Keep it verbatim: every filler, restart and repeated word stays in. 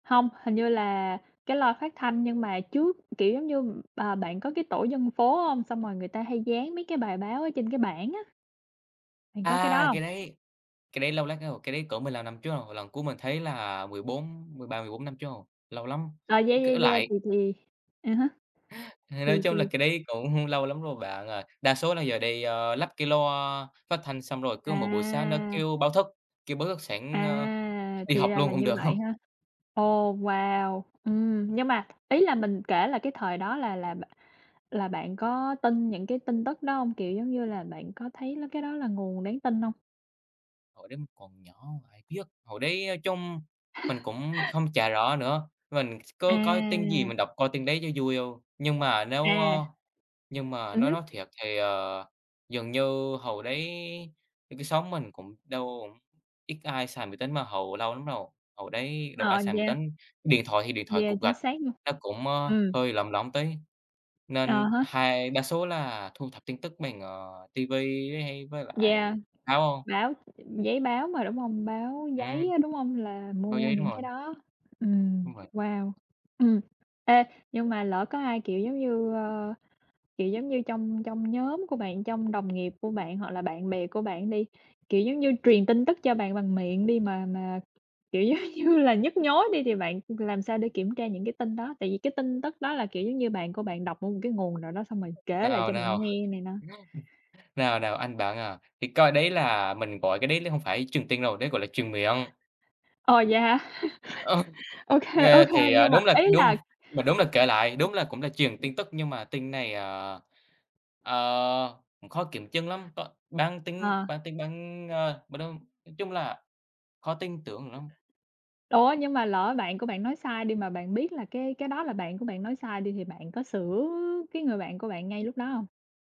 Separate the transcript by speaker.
Speaker 1: Hông, hình như là cái loa phát thanh nhưng mà trước, kiểu, giống như à, bạn có cái tổ dân phố hông? Xong rồi người ta hay dán mấy cái bài báo ở trên cái bảng á. Bạn có cái
Speaker 2: À,
Speaker 1: đó hông?
Speaker 2: cái đấy cái đấy lâu lắm rồi, cái đấy cỡ mười lăm năm trước rồi, lần cuối mình thấy là mười bốn mười ba, mười bốn năm trước rồi, lâu lắm!
Speaker 1: Ờ, yeah,
Speaker 2: Cỡ
Speaker 1: yeah, yeah,
Speaker 2: lại
Speaker 1: thì thì, à há,
Speaker 2: Nói
Speaker 1: thì
Speaker 2: chung là
Speaker 1: thì
Speaker 2: cái đấy cũng lâu lắm rồi bạn ơi. Đa số là giờ đi lắp cái loa phát thanh xong rồi cứ mỗi buổi sáng nó
Speaker 1: À.
Speaker 2: kêu báo thức, kêu báo thức sẵn, ơ,
Speaker 1: À,
Speaker 2: đi
Speaker 1: thì
Speaker 2: học
Speaker 1: ra
Speaker 2: luôn
Speaker 1: là
Speaker 2: cũng
Speaker 1: như
Speaker 2: được hông.
Speaker 1: vậy ha! Ồ, wow! Ừm, nhưng mà ý là mình kể là cái thời đó là là b là bạn có tin những cái tin tức đó hông? Kiểu, giống như là bạn có thấy là cái đó là nguồn đáng tin hông?
Speaker 2: Hồi đấy mình còn nhỏ ai biết, hồi đấy nói chung mình cũng không chả rõ nữa. Mình có coi tin gì
Speaker 1: À!
Speaker 2: mình đọc coi tin đấy cho vui thôi. Nhưng mà nếu
Speaker 1: À!
Speaker 2: ơ, nhưng mà
Speaker 1: Ừm
Speaker 2: nói nói
Speaker 1: hứm.
Speaker 2: thiệt thì, ờ, dường như hồi đấy cái xóm mình cũng đâu cũng ít ai xài máy tính mà hồi lâu lắm rồi, hồi đấy đâu có ai
Speaker 1: Ờ,
Speaker 2: xài máy
Speaker 1: vậy à?
Speaker 2: tính. Điện thoại thì điện thoại
Speaker 1: Yeah,
Speaker 2: cục
Speaker 1: chính
Speaker 2: gạch
Speaker 1: xác luôn.
Speaker 2: nó cũng, ơ,
Speaker 1: Ừm.
Speaker 2: hơi lỏng lỏng tí,
Speaker 1: À
Speaker 2: nên
Speaker 1: há.
Speaker 2: hai đa số là thu thập tin tức bằng, ờ, ti vi hay với
Speaker 1: Yeah,
Speaker 2: lại báo.
Speaker 1: báo giấy báo mà đúng hông? Báo giấy
Speaker 2: Ừm.
Speaker 1: á, đúng hông? Là
Speaker 2: Báo
Speaker 1: mua
Speaker 2: giấy, đúng
Speaker 1: những cái
Speaker 2: rồi.
Speaker 1: đó. Ừm,
Speaker 2: Đúng vậy.
Speaker 1: wow! Ừm. Ê, nhưng mà lỡ có ai, kiểu giống như, ơ, kiểu giống như, trong trong nhóm của bạn trong đồng nghiệp của bạn hoặc là bạn
Speaker 2: Ừm.
Speaker 1: bè của bạn đi, kiểu giống như, truyền tin tức cho bạn bằng miệng đi mà mà, kiểu giống như là, nhức nhối đi thì bạn làm sao để kiểm tra những cái tin đó? Tại vì cái tin tức đó là, kiểu giống như, bạn của bạn đọc ở một cái nguồn nào đó xong rồi kể lại
Speaker 2: Nào,
Speaker 1: cho
Speaker 2: nào!
Speaker 1: bạn nghe này nọ.
Speaker 2: Nào, nào, anh bạn à, thì coi đấy là mình gọi cái đấy là không phải truyền tin đâu, đấy gọi là truyền miệng.
Speaker 1: Ồ, vậy hả?
Speaker 2: Ờ,
Speaker 1: Ô kê, ô
Speaker 2: nghe
Speaker 1: kê,
Speaker 2: thì
Speaker 1: nhưng mà
Speaker 2: đúng là
Speaker 1: ý
Speaker 2: đúng
Speaker 1: là
Speaker 2: mà đúng là kể lại, đúng là cũng là truyền tin tức nhưng mà tin này, à, ờ, khó kiểm chứng lắm, có bán tín
Speaker 1: Ờ.
Speaker 2: bán tín, ờ, m nói nói chung là khó tin tưởng lắm.
Speaker 1: Ủa, nhưng mà lỡ bạn của bạn nói sai đi mà bạn biết là cái cái đó là bạn của bạn nói sai đi thì bạn có sửa cái người bạn của bạn ngay lúc đó hông?